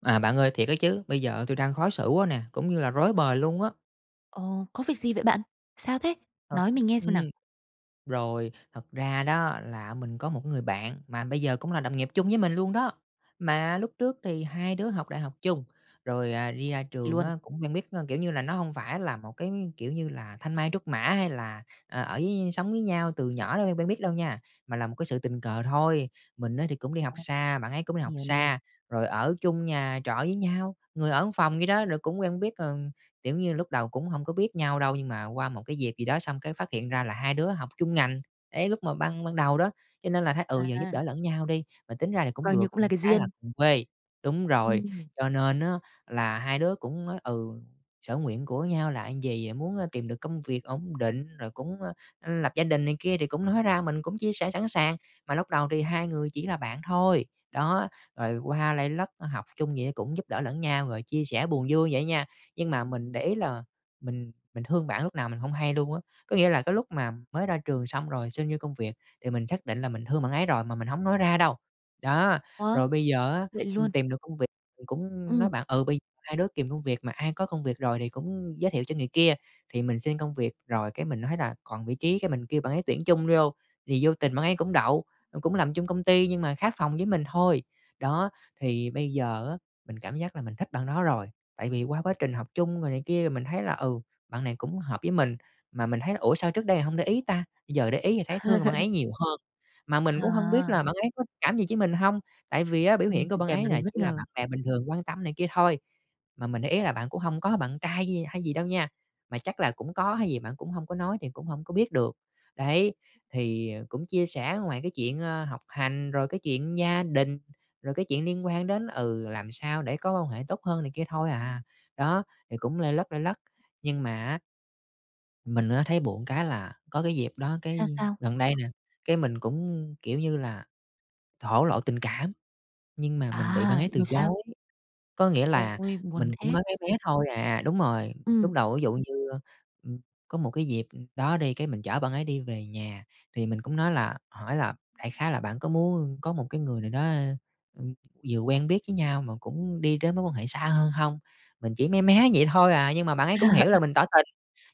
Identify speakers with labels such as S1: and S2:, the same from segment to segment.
S1: À, bạn ơi, thiệt á chứ, bây giờ tui đang khó xử quá nè, cũng như là rối bời luôn á.
S2: Ồ, có việc gì vậy bạn? Sao thế?
S1: Thật
S2: Nói mình nghe xem nào.
S1: ừm. Rồi, thật ra đó là mình có một cái người bạn mà bây giờ cũng là đồng nghiệp chung với mình luôn đó. Mà lúc trước thì hai đứa học đại học chung, rồi, à, đi ra trường
S2: Luôn.
S1: á, cũng quen biết a, kiểu như là, nó hông phải là một cái, kiểu như là, thanh mai trúc mã hay là, ờ, ở với sống với nhau từ nhỏ nên quen quen biết đâu nha, mà là một cái sự tình cờ thôi. Mình á thì cũng đi học
S2: Ồ.
S1: xa, bạn ấy cũng đi học
S2: Hiểu nè.
S1: xa, rồi ở chung nhà trọ với nhau, người ở một phòng vậy đó. Rồi cũng quen biết, ờ, kiểu như, lúc đầu cũng hông có biết nhau đâu, nhưng mà qua một cái dịp gì đó xong cái phát hiện ra là hai đứa học chung ngành. Đấy, lúc mà ban ban đầu đó, cho nên là thấy "ừ, giờ giúp
S2: À.
S1: đỡ lẫn nhau đi" mà tính ra thì cũng
S2: Coi như
S1: được,
S2: cũng là
S1: ừm,
S2: cái
S1: cái là
S2: duyên.
S1: cùng quê, đúng rồi,
S2: Ừm.
S1: cho nên á là hai đứa cũng nói: "ừ, sở nguyện của nhau là gì?" Muốn, a, "tìm được công việc ổn định" rồi cũng, a, ưm, "lập gia đình" này kia thì cũng nói ra mình cũng chia sẻ sẵn sàng. Mà lúc đầu thì hai người chỉ là bạn thôi, đó, rồi qua lây lất, a, học chung vậy cũng giúp đỡ lẫn nhau, rồi chia sẻ buồn vui vậy nha, nhưng mà mình để ý là mình mình thương bạn lúc nào mình hông hay luôn á. Có nghĩa là cái lúc mà mới ra trường xong rồi xin vô công việc thì mình xác định là mình thương bạn ấy rồi mà mình hổng nói ra đâu. Đó,
S2: Ủa?
S1: rồi bây giờ á,
S2: Vậy luôn?
S1: ừm, tìm được công việc cũng nói
S2: Ừm.
S1: bạn: "Ừ, bây hai đứa kìm công việc mà ai có công việc rồi thì cũng giới thiệu cho người kia." Thì mình xin công việc rồi, cái mình nói rà: "còn vị trí" cái, mình kêu bạn ấy tuyển chung vô thì vô tình bạn ấy cũng đậu, ừm, cũng làm chung công ty nhưng mà khác phòng với mình thôi. Đó, thì bây giờ á, mình cảm giác là mình thích bạn đó rồi, tại vì qua quá trình học chung rồi này kia thì mình thấy là: "Ừ, bạn này cũng hợp với mình." Mà mình thấy là: "Ủa, sao trước đây hông để ý ta?" Giờ để ý thì thấy thương bạn ấy nhiều hơn. Mà mình cũng hông biết
S2: À.
S1: là bạn ấy có cảm gì với mình hông? Tại vì á, biểu
S2: Ừm,
S1: hiện của
S2: tình
S1: bạn
S2: cảm
S1: ấy
S2: nó
S1: là
S2: đến bất
S1: chỉ là
S2: ngờ.
S1: bạn bè bình thường quan tâm này kia thôi. Mà mình để ý là bạn cũng hông có bạn trai gi hay gì đâu nha, mà chắc là cũng có hay gì bạn cũng hông có nói thì cũng hổng có biết được. Đấy, thì cũng chia sẻ ngoài cái chuyện, ơ, học hành, rồi cái chuyện gia đình, rồi cái chuyện liên quan đến: "Ừ, làm sao để có quan hệ tốt hơn này kia thôi à" Đó, thì cũng lây lất lây lất, nhưng mà á mình á, thấy buồn cái là có cái dịp đó,
S2: Sao
S1: cái,
S2: sao?
S1: gần đây nè, cái, mình cũng, kiểu như là, thổ lộ tình cảm, nhưng mà mình bị bạn
S2: À,
S1: ấy từ
S2: ừm, sao?
S1: chối, có nghĩa là
S2: Ôi, buồn
S1: mình cũng
S2: thế!
S1: nói mé mé thôi à đúng rồi. Lúc
S2: Ừm.
S1: á đầu dụ như, ơ, ưm, có một cái dịp đó đi, cái, mình chở bạn ấy đi về nhà, thì mình cũng nói là hỏi là đại khái là: "Bạn có muốn có một cái người nào đó, ưm, vừa quen biết với nhau mà cũng đi đến mối quan hệ xa hơn hông?" Mình chỉ mé mé vậy thôi à, nhưng mà bạn ấy cũng hiểu là mình tỏ tình,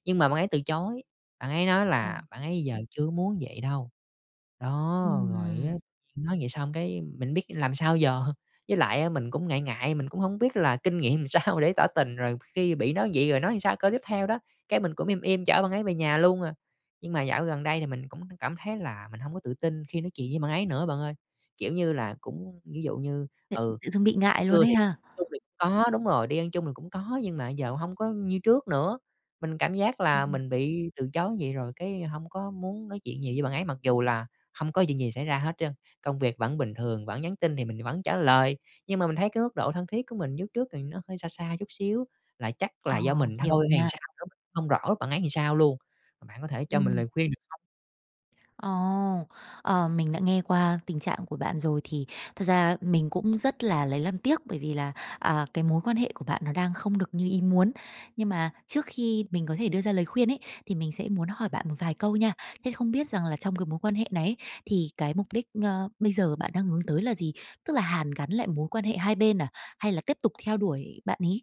S1: nhưng mà bạn ấy từ chối. Bạn ấy nói
S2: Ờ.
S1: là bạn ấy "giờ chưa muốn vậy đâu" đó, rồi á,
S2: Ừm.
S1: nhiên nói vậy xong, cái, mình biết làm sao giờ? Với lại á mình cũng ngại ngại, mình cũng hông biết là kinh nghiệm làm sao để tỏ tình rồi khi bị đối vậy rồi nói làm sao câu tiếp theo đó. Cái, mình cũng im im chở bạn ấy về nhà luôn à. Nhưng mà dạo gần đây thì mình cũng cảm thấy là mình hông có tự tin khi nói chuyện với bạn ấy nữa bạn ơi, kiểu như là, cũng ví dụ như,
S2: Thê
S1: ừ,
S2: tự dưng bị ngại
S1: buổi
S2: luôn
S1: trưa
S2: ấy
S1: thì
S2: ha.
S1: chung thì có đúng rồi, đi ăn chung thì cũng có, nhưng mà giờ hông có như trước nữa. Mình cảm giác là
S2: Ừm.
S1: mình bị từ chối vậy rồi cái hông có muốn nói chuyện nhiều với bạn ấy mặc dù là hông có chuyện gì xảy ra hết trơn, công việc vẫn bình thường, vẫn nhắn tin thì mình thì vẫn trả lời, nhưng mà mình thấy cái mức độ thân thiết của mình với úc trước thì nó hơi xa xa chút xíu. Là chắc
S2: Ờ,
S1: là do mình
S2: hiểu
S1: thôi hay làm
S2: nha.
S1: sao á, không rõ bạn ấy làm sao luôn. Bạn có thể cho mình
S2: Ừm.
S1: lời khuyên được hông?
S2: Ồ! Ờ, mình đã nghe qua tình trạng của bạn rồi, thì thật ra mình cũng rất là lấy làm tiếc, bởi vì là, à, cái mối quan hệ của bạn nó đang không được như ý muốn, nhưng mà trước khi mình có thể đưa ra lời khuyên ấy, thì mình sẽ muốn hỏi bạn một vài câu nha. Thế không biết rằng là trong cái mối quan hệ này ấy, thì cái mục đích, a, bây giờ bạn đang hướng tới là gì? Tức là hàn gắn lại mối quan hệ hai bên à? Hay là tiếp tục theo đuổi bạn ấy?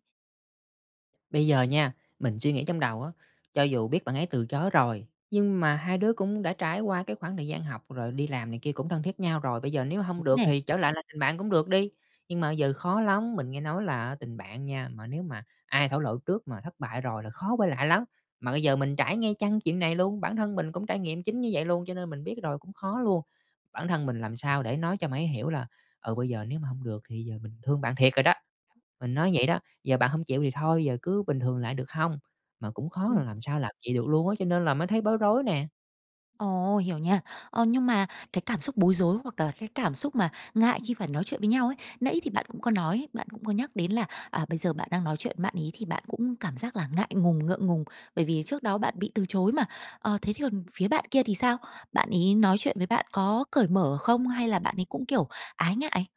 S1: Bây giờ nha, mình suy nghĩ trong đầu á, cho dù biết bạn ấy từ chối rồi, nhưng mà hai đứa cũng đã trải qua cái khoảng thời gian học rồi đi làm này kia cũng thân thiết nhau rồi, bây giờ nếu hông
S2: Đúng
S1: được
S2: nè!
S1: thì trở lại là tình bạn cũng được đ. Nhưng mà bây giờ khó lắm, mình nghe nói là á tình bạn nha, mà nếu mà ai thổ lộ trước mà thất bại rồi là khó quay lại lắm. Mà bây giờ mình trải nghe chăng chuyện này luôn, bản thân mình cũng trải nghiệm chính như vậy luôn, cho nên mình biết rồi cũng khó luôn. Bản thân mình làm sao để nói cho bạn ấy hiểu là, ừ, bây giờ nếu mà hông được thì bây giờ mình thương bạn thiệt rồi đó, mình nói vậy đó, giờ bạn hông chịu thì thôi, giờ cứ bình thường lại được hông? Mà cũng khó, làm sao làm vậy được luôn á, cho nên là mới thấy bối rối nè.
S2: Ồ, hiểu nha. Ờ, nhưng mà cái cảm xúc bối rối hoặc là cái cảm xúc mà ngại khi phải nói chuyện với nhau ấy, nãy thì bạn cũng có nói, bạn cũng có nhắc đến là, à, bây giờ bạn đang nói chuyện với bạn ấy, thì bạn cũng cảm giác là ngại ngùng, ngượng ngùng, bởi vì trước đó bạn bị từ chối mà, ờ, thế thì còn phía bạn kia thì sao? Bạn ấy nói chuyện với bạn có cởi mở không, hay là bạn ấy cũng, kiểu, ái ngại?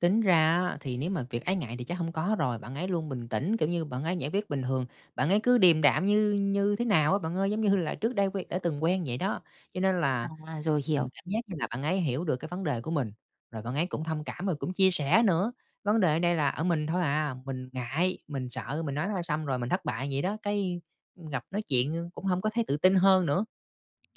S1: Tính ra á, thì nếu mà việc ái ngại thì chắc hông có rồi, bạn ấy luôn bình tĩnh, kiểu như, bạn ấy giải quyết bình thường, bạn ấy cứ điềm đạm như như thế nào á, bạn ơi, giống như là trước đây quen đã từng quen vậy đó. Cho nên là
S2: À, rồi hiểu.
S1: [unintelligible] cảm giác như là bạn ấy hiểu được cái vấn đề của mình, rồi bạn ấy cũng thông cảm rồi cũng chia sẻ nữa. Vấn đề ở đây là ở mình thôi à, mình ngại, mình sợ mình nói ra "xong rồi, mình thất bại" vậy đó, cái, ưm, gặp nói chuyện cũng hổng có thấy tự tin hơn nữa.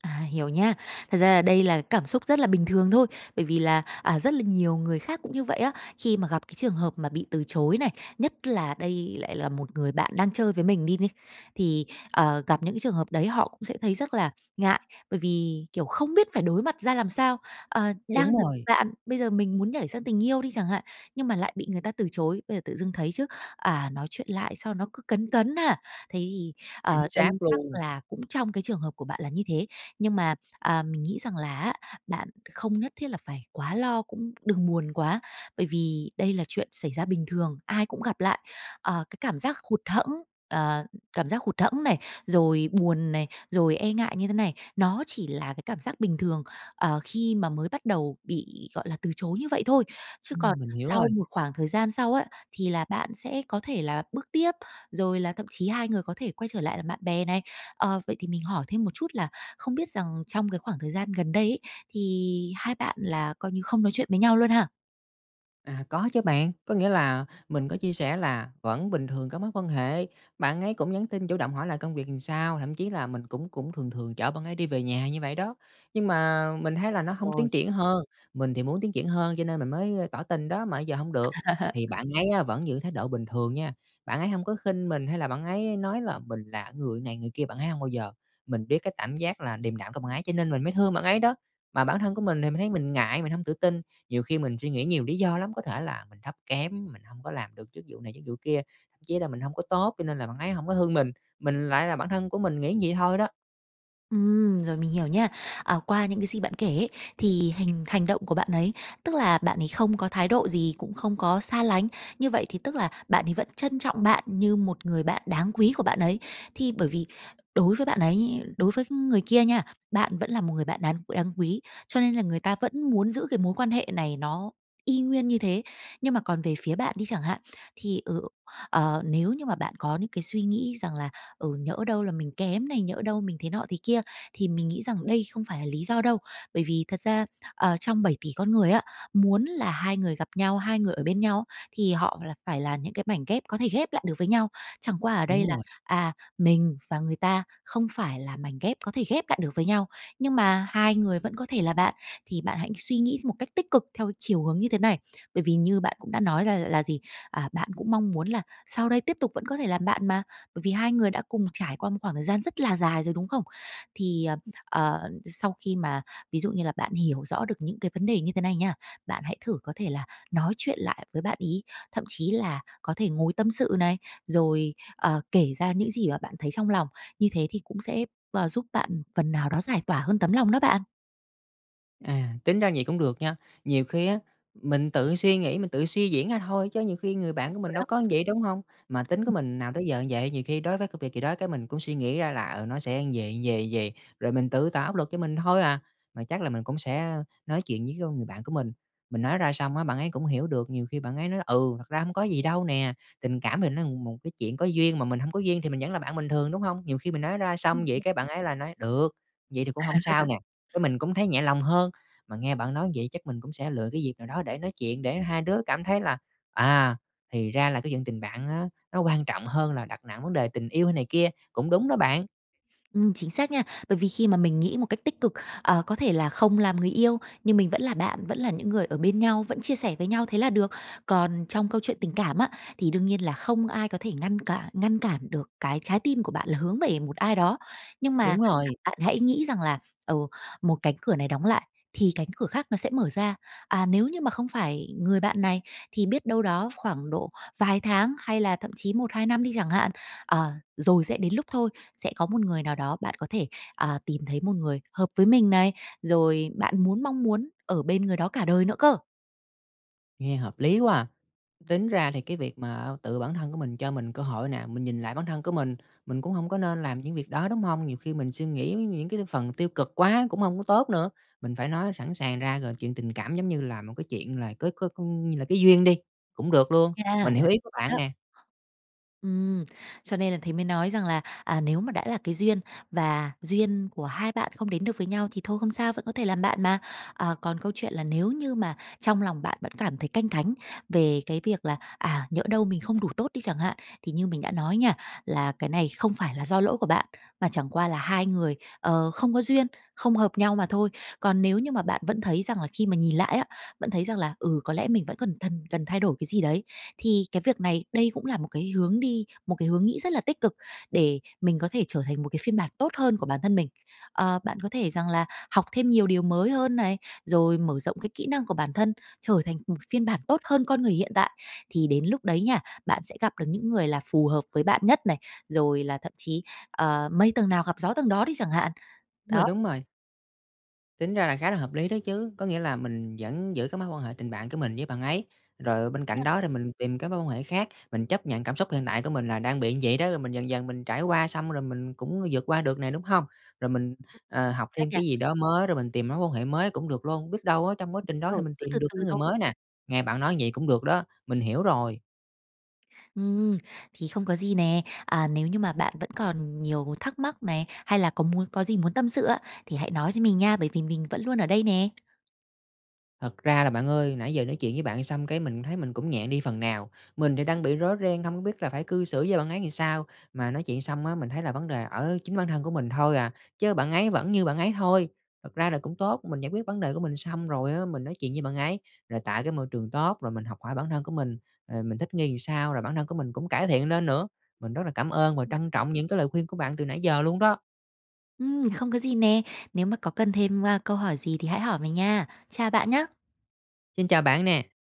S2: À, hiểu nhá. Thật ra là đây là cảm xúc rất là bình thường thôi. Bởi vì là, à, rất là nhiều người khác cũng như vậy á, khi mà gặp cái trường hợp mà bị từ chối này, nhất là đây lại là một người bạn đang chơi với mình đi ni, thì, ờ, gặp những cái trường hợp đấy họ cũng sẽ thấy rất là ngại. Bởi vì, kiểu, không biết phải đối mặt ra làm sao, ờ, đang
S1: Đúng
S2: từ
S1: rồi.
S2: bạn, bây giờ mình muốn nhảy sang tình yêu đi chẳng hạn, nhưng mà lại bị người ta từ chối, bây giờ tự dưng thấy chứ, à, nói chuyện lại sao nó cứ cấn cấn ha. Thế thì,
S1: Chính
S2: ờ, đây
S1: xác
S2: chắc
S1: luôn!
S2: là cũng trong cái trường hợp của bạn là như thế. Nhưng mà, à, mình nghĩ rằng là á, bạn không nhất thiết là phải quá lo, cũng đừng buồn quá, bởi vì đây là chuyện xảy ra bình thường, ai cũng gặp lại. Ờ, cái cảm giác hụt hẫng ờ, cảm giác hụt hẫng này, rồi buồn này, rồi e ngại như thế này, nó chỉ là cái cảm giác bình thường, ờ, khi mà mới bắt đầu bị, gọi là, từ chối như vậy thôi. Chứ còn
S1: Ừm, mình hiểu
S2: sau
S1: rồi.
S2: một khoảng thời gian sau á, thì là bạn sẽ có thể là bước tiếp, rồi là thậm chí hai người có thể quay trở lại làm bạn bè này. Ờ, vậy thì mình hỏi thêm một chút là không biết rằng trong cái khoảng thời gian gần đây ấy, thì hai bạn là coi như không nói chuyện với nhau luôn ha?
S1: À, có chứ bạn, có nghĩa là mình có chia sẻ là vẫn bình thường cái mối quan hệ, bạn ấy cũng nhắn tin chủ động hỏi là công việc làm sao, thậm chí là mình cũng cũng thường thường chở bạn ấy đi về nhà như vậy đó. Nhưng mà mình thấy là nó hông
S2: Rồi.
S1: tiến triển hơn, mình thì muốn tiến triển hơn cho nên mình mới, ơ, tỏ tình đó mà giờ hông được,
S2: À.
S1: thì bạn ấy á vẫn giữ thái độ bình thường nha. Bạn ấy hông có khinh mình, hay là bạn ấy nói là mình là người này người kia, bạn ấy hông bao giờ, mình biết cái cảm giác là điềm đạm của bạn ấy cho nên mình mới thương bạn ấy đó. Mà bản thân của mình thì mình thấy mình ngại, mình hông tự tin, nhiều khi mình suy nghĩ nhiều lý do lắm, có thể là mình thấp kém, mình hông có làm được chức vụ này, chức vụ kia, thậm chí là mình hông có tốt, cho nên là bạn ấy hổng có thương mình, mình lại là bản thân của mình nghĩ như vậy thôi đó.
S2: Ừm, rồi mình hiểu nha. Ờ, qua những cái gì bạn kể ấy, thì hành hành động của bạn ấy, tức là, bạn ấy không có thái độ gì, cũng không có xa lánh. Như vậy thì, tức là, bạn ấy vẫn trân trọng bạn như một người bạn đáng quý của bạn ấy, thì bởi vì đối với bạn ấy, đối với người kia nha, bạn vẫn là một người bạn đáng đáng quý, cho nên là người ta vẫn muốn giữ cái mối quan hệ này nó y nguyên như thế. Nhưng mà còn về phía bạn đi chẳng hạn, thì, ờ, ờ, nếu như mà bạn có những cái suy nghĩ rằng là "Ừ, nhỡ đâu là mình kém này, nhỡ đâu mình thế nọ thế kia," thì mình nghĩ rằng đây không phải là lý do đâu, bởi vì thật ra, ờ, trong 7,000,000,000 con người á, muốn là hai người gặp nhau, hai người ở bên nhau thì họ là phải là những cái mảnh ghép có thể ghép lại được với nhau, chẳng qua ở đây
S1: Đúng
S2: là,
S1: rồi.
S2: à, mình và người ta không phải là mảnh ghép có thể ghép lại được với nhau, nhưng mà hai người vẫn có thể là bạn, thì bạn hãy suy nghĩ một cách tích cực theo chiều hướng như thế này, bởi vì như bạn cũng đã nói là là gì, à, bạn cũng mong muốn là sau đây tiếp tục vẫn có thể làm bạn mà, bởi vì hai người đã cùng trải qua một khoảng thời gian rất là dài rồi, đúng không? Thì, ờ, ờ, sau khi mà ví dụ như là bạn hiểu rõ được những cái vấn đề như thế này nha, bạn hãy thử có thể là nói chuyện lại với bạn ấy, thậm chí là có thể ngồi tâm sự này, rồi, ờ, kể ra những gì mà bạn thấy trong lòng, như thế thì cũng sẽ, ờ, giúp bạn phần nào đó giải tỏa hơn tấm lòng đó bạn.
S1: À, tính ra vậy cũng được nha. Nhiều khi á, mình tự suy nghĩ, mình tự suy diễn ra thôi, chứ nhiều khi người bạn của
S2: Rồi
S1: mình đâu
S2: đó.
S1: có vậy, đúng hông? Mà tính của
S2: [unintelligible]
S1: mình nào tới giờ như vậy, nhiều khi đối với công việc gì đó cái mình cũng suy nghĩ ra là, ừ, nó sẽ như vầy, vầy, vầy, rồi mình tự tạo áp lực cho mình thôi à. Mà chắc là mình cũng sẽ, ờ, nói chuyện với con người bạn của mình, mình nói ra xong á, bạn ấy cũng hiểu được. Nhiều khi bạn ấy nói là "Ừ, thật ra hông có gì đâu nè, tình cảm mình nó ừm, một cái chuyện có duyên mà mình hông có duyên thì mình vẫn là bạn bình thường." Đúng hông? Nhiều khi mình nói ra xong vậy
S2: [unintelligible]
S1: cái bạn ấy lại nói: "Được, vậy thì cũng hông sao nè." Cái mình cũng thấy nhẹ lòng hơn. Mà nghe bạn nói như vậy chắc mình cũng sẽ lựa cái việc nào đó để nói chuyện, để hai đứa cảm thấy là, à, thì ra là cái vận tình bạn á, nó quan trọng hơn là đặt nặng vấn đề tình yêu hay này kia, cũng đúng đó bạn.
S2: Ừm, chính xác nha. Bởi vì khi mà mình nghĩ một cách tích cực, ờ, có thể là không làm người yêu, nhưng mình vẫn là bạn, vẫn là những người ở bên nhau, vẫn chia sẻ với nhau thế là được. Còn trong câu chuyện tình cảm á, thì đương nhiên là không ai có thể ngăn cả ngăn cản được cái trái tim của bạn là hướng về một ai đó. Nhưng mà
S1: Đúng
S2: [unintelligible]
S1: rồi.
S2: bạn hãy nghĩ rằng là, ờ, một cánh cửa này đóng lại thì cánh cửa khác nó sẽ mở ra. À, nếu như mà không phải người bạn này thì biết đâu đó khoảng độ vài tháng hay là thậm chí 1-2 năm đi chẳng hạn, ờ, rồi sẽ đến lúc thôi, sẽ có một người nào đó bạn có thể, à, tìm thấy một người hợp với mình này, rồi bạn muốn mong muốn ở bên người đó cả đời nữa cơ!
S1: Nghe hợp lý quá à! Tính ra thì cái việc mà tự bản thân của mình cho mình cơ hội nè, mình nhìn lại bản thân của mình, mình cũng hông có nên làm những việc đó, đúng hông? Nhiều khi mình suy nghĩ những cái phần tiêu cực quá cũng hông có tốt nữa, mình phải nói sẵn sàng ra, rồi chuyện tình cảm giống như là một cái chuyện là có có như là cái duyên đi, cũng được luôn,
S2: Cha, là
S1: mình hiểu ý của bạn
S2: [unintelligible]
S1: nè.
S2: Ừm, cho nên là thế mới nói rằng là, à, nếu mà đã là cái duyên và duyên của hai bạn không đến được với nhau thì thôi không sao, vẫn có thể làm bạn mà. À, còn câu chuyện là nếu như mà trong lòng bạn vẫn cảm thấy canh cánh về cái việc là, à, nhỡ đâu mình không đủ tốt đi chẳng hạn, thì như mình đã nói nha, là cái này không phải là do lỗi của bạn, mà chẳng qua là hai người, ờ, không có duyên, không hợp nhau mà thôi. Còn nếu như mà bạn vẫn thấy rằng là khi mà nhìn lại á, vẫn thấy rằng là, ừ, có lẽ mình vẫn cần thần cần thay đổi cái gì đấy, thì cái việc này, đây cũng là một cái hướng đi, một cái hướng nghĩ rất là tích cực để mình có thể trở thành một cái phiên bản tốt hơn của bản thân mình. Ờ, bạn có thể rằng là học thêm nhiều điều mới hơn này, rồi mở rộng cái kỹ năng của bản thân, trở thành một phiên bản tốt hơn con người hiện tại, thì đến lúc đấy nha, bạn sẽ gặp được những người là phù hợp với bạn nhất này, rồi là thậm chí, ờ, mây tầng nào gặp gió tầng đó đi chẳng hạn,
S1: Đúng
S2: đó.
S1: rồi, đúng rồi. Tính ra là khá là hợp lý đó chứ. Có nghĩa là mình vẫn giữ cái mối quan hệ tình bạn của mình với bạn ấy, rồi bên cạnh
S2: [unintelligible]
S1: đó thì mình tìm các mối quan hệ khác, mình chấp nhận cảm xúc hiện tại của mình là đang bị như vậy đó, rồi mình dần dần mình trải qua, xong rồi mình cũng vượt qua được nè, đúng hông? Rồi mình, ờ, học
S2: Ái
S1: thêm
S2: chà!
S1: cái gì đó mới, rồi mình tìm mối quan hệ mới cũng được luôn, biết đâu á, trong quá trình
S2: Đúng
S1: đó thì
S2: rồi,
S1: mình
S2: cứ từ
S1: tìm được
S2: từ
S1: cái người
S2: thôi.
S1: mới nè. Nghe bạn nói như vậy cũng được đó, mình hiểu rồi.
S2: Ừm, thì không có gì nè. À, nếu như mà bạn vẫn còn nhiều thắc mắc này, hay là có muốn có gì muốn tâm sự á, thì hãy nói cho mình nha, bởi vì mình vẫn luôn ở đây nè.
S1: Thật ra là bạn ơi, nãy giờ nói chuyện với bạn xong cái mình thấy mình cũng nhẹ đi phần nào. Mình thì đang bị rối ren, không có biết là phải cư xử với bạn ấy làm sao, mà nói chuyện xong á, mình thấy là vấn đề ở chính bản thân của mình thôi à, chớ bạn ấy vẫn như bạn ấy thôi. Thật ra là cũng tốt, mình giải quyết vấn đề của mình xong rồi á, mình nói chuyện với bạn ấy, là tại cái môi trường tốt, rồi mình học hỏi bản thân của mình, ờ, mình thích nghi làm sao, rồi bản thân của mình cũng cải thiện lên nữa. Mình rất là cảm ơn và trân trọng những cái lời khuyên của bạn từ nãy giờ luôn đó.
S2: Ừm! Không có gì nè, nếu mà có cần thêm, a, câu hỏi gì thì hãy hỏi mình nha. Chào bạn nhá!
S1: Xin chào bạn nè!